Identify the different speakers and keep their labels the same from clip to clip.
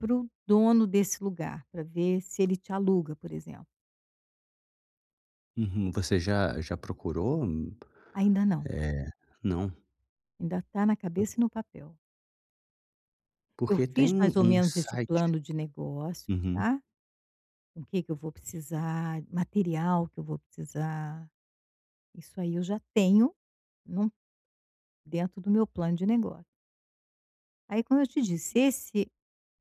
Speaker 1: Para o dono desse lugar, para ver se ele te aluga, por exemplo.
Speaker 2: Uhum, você já já procurou? Hum,
Speaker 1: Ainda não.
Speaker 2: eh, não?
Speaker 1: Ainda está na cabeça e no papel. Eu
Speaker 2: Porque tem
Speaker 1: fiz,
Speaker 2: um
Speaker 1: mais ou
Speaker 2: um
Speaker 1: menos, esse
Speaker 2: site
Speaker 1: plano de negócios,
Speaker 2: uhum.
Speaker 1: tá, com o que que eu vou precisar, material que eu vou precisar, isso aí eu já tenho, não, dentro do meu plano de negócio. Aí como eu te disse, esse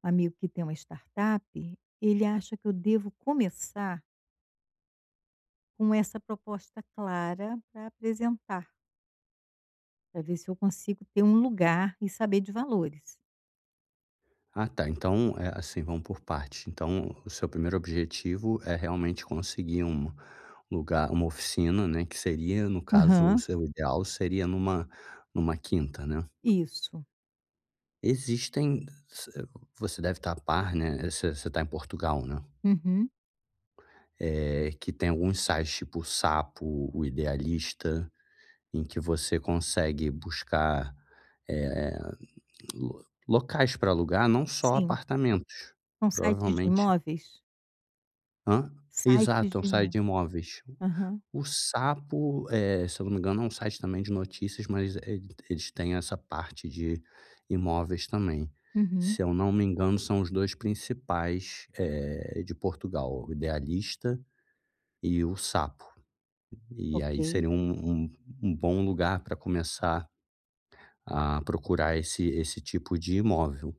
Speaker 1: amigo que tem uma startup, ele acha que eu devo começar com essa proposta clara para apresentar para ver se eu consigo ter um lugar e saber de valores.
Speaker 2: Ah tá, então, eh, assim, vamos por partes, então o seu primeiro objetivo é, realmente, conseguir um lugar uma oficina, né, que seria, no caso, o
Speaker 1: Aham.
Speaker 2: seu ideal seria numa numa quinta né.
Speaker 1: Isso.
Speaker 2: Existem você você deve estar a par, né, você você está em Portugal, né.
Speaker 1: Uhum.
Speaker 2: Eh, que tem alguns sites, tipo o Sapo, o Idealista, em que você consegue buscar, eh eh, hum, lo locais para alugar não só
Speaker 1: Sim.
Speaker 2: apartamentos,
Speaker 1: São sites de
Speaker 2: provavelmente
Speaker 1: imóveis?
Speaker 2: Hã?
Speaker 1: Sites
Speaker 2: Exato, é um
Speaker 1: de
Speaker 2: site
Speaker 1: imó
Speaker 2: de imóveis.
Speaker 1: Aham.
Speaker 2: O Sapo, eh, se eu não me engano, é um site também de notícias, mas ele eles têm essa parte de imóveis também.
Speaker 1: Uhum.
Speaker 2: Se eu não me engano são os 2 principais, eh, de Portugal, o Idealista e o Sapo, e aí
Speaker 1: Ok.
Speaker 2: seria um um um bom lugar para começar a procurar esse esse tipo de imóvel.